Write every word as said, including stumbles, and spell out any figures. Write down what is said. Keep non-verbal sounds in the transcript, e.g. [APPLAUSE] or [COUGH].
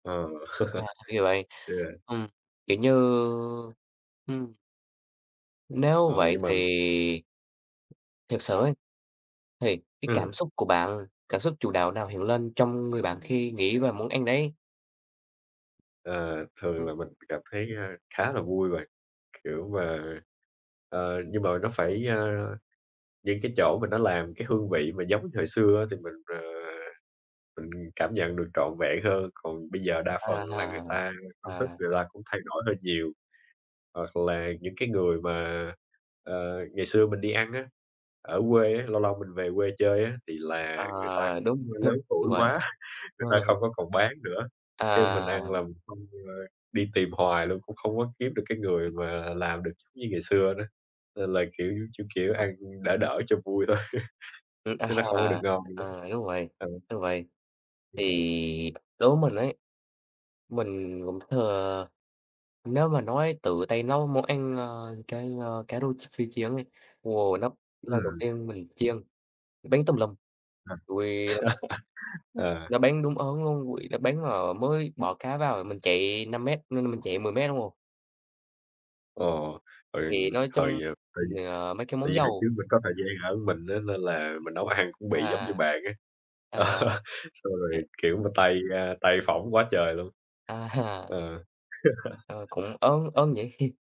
Ờ, À, [LAUGHS] [UNINTELLIGIBLE] vậy. Ừm, yeah. kiểu như ừm. Nếu Ờ, vậy nhưng mà thì Thiệt sự ấy, thì cái Ừm. cảm xúc của bạn, cảm xúc chủ đạo nào hiện lên trong người bạn khi nghĩ về món ăn đấy? Ờ, thường Ừm. là mình cảm thấy, a, khá là vui và, kiểu, mà, ờ, ờ, nhưng mà nó phải, ơ những cái chỗ mà nó làm cái hương vị mà giống thì hồi xưa á thì mình, ờ, mình cảm nhận được trọn vẹn hơn, còn bây giờ đa À phần là há, người ta công thức à. người ta cũng thay đổi hơi nhiều. Hoặc là những cái người mà, ờ, ngày xưa mình đi ăn á, ở quê á, lâu lâu mình về quê chơi á, thì À, là người ta cũng, đúng, a, lớn [LAUGHS] đúng tuổi vậy. quá, người ta Ờ. không có còn bán nữa, cái mình À. ăn là mình không, ơ đi tìm hoài luôn cũng không có kiếm được cái người mà làm được [UNINTELLIGIBLE] như ngày xưa nữa, nên là, kiểu, kiểu, kiểu, ăn đỡ đỡ cho vui thôi, Ừm, chứ nó không có được à, ngon nữa. à, đúng vậy, Ừ. đúng vậy. Thì đối với mình ấy, mình cũng thừa nếu mà nói tự tay nấu món ăn, a, cái, a, cá rô ch phi chiên ấy, ồ, nó lần đầu Ừm. tiên mình chiên, bắn tùm lum, À. rồi, ừm [LAUGHS] Ờ. Nó bắn đúng ớn luôn, rồi nó bắn, ờ, mới bỏ cá vào mình chạy năm mét, nên mình chạy mười mét [UNINTELLIGIBLE] Ồ, hồi Thì nói chung hồi, ờm, hồi mình, ờ, mấy cái tại món vì hồi trước dầu mình có thời gian ở mình á, nên là mình nấu ăn cũng bị giống như À, bàn á. Ờ, à, xong rồi, [UNINTELLIGIBLE] kiểu mà, tay, a, tay phỏng quá trời luôn. À. Ờ. Ờ, [LAUGHS] cũng ớn ớn nhỉ? [CHUCKLES]